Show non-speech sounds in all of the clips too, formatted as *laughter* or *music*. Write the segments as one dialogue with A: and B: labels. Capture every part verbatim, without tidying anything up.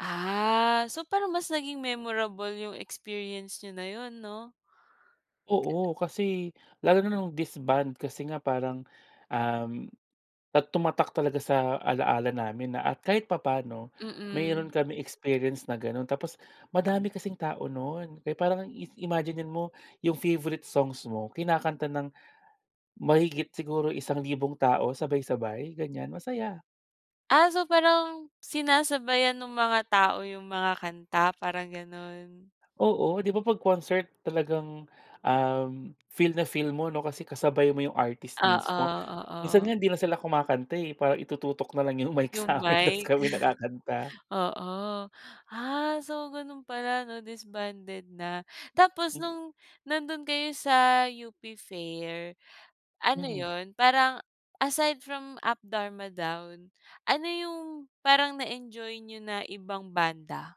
A: Ah, so parang mas naging memorable yung experience niyo na yun, 'no? Ka
B: Oo, kasi lalo na nung disband kasi nga parang, um at tumatak talaga sa alaala namin na at kahit papaano
A: Mm.
B: meron kaming experience na ganun tapos madami kasing tao nun kaya parang is imaginen mo yung favourite songs mo kinakanta ng mahigit siguro isang libong tao sabay-sabay, ganyan masaya.
A: Ah, so parang sinasabayan nung mga tao yung mga kanta parang gano'n?
B: Oo, di ba, pag concert talagang, um, feel na feel mo, 'no, kasi kasabay mo yung artist
A: Oo,
B: minsmo. Minsan nga
A: oo.
B: hindi na sila kumakanta, eh, parang itututok na lang yung mic
A: Yung
B: sa'min tas
A: mic.
B: kami na kakanta.
A: *chuckles* Oo, ah, so gano'n pala, 'no, disbanded na. Tapos
B: Hmm.
A: nung nandun kayo sa U-P fair, ano
B: Mm.
A: yun parang aside from Up Dharma Down, ano yung parang na-enjoy niyo na ibang banda?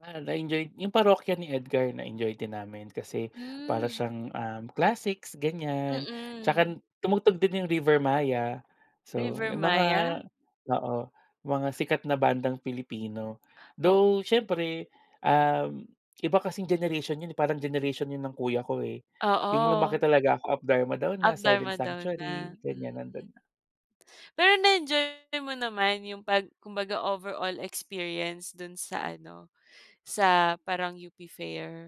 B: Ah, na-enjoy yung Parokya ni Edgar na-enjoy din namin. Kasi para
A: Hmm.
B: siyang, um, classics, ganyan.
A: Mm.
B: Tsaka tumugtog din yung Rivermaya. So, yung mga
A: Rivermaya?
B: oo, mga sikat na bandang Pilipino.
A: O
B: Though syempre, um, iba kasing generation yun, eh, parang generation yun ng kuya ko, eh. Yung lumaki
A: Oo.
B: talaga ako Up Dharma Down
A: Up
B: na Silent
A: Dharma Down
B: Sanctuary,
A: na, mm.
B: ganyan nandun na.
A: Pero na-enjoy mo naman yung pag kumbaga overall experience dun sa ano, sa parang U-P Fair?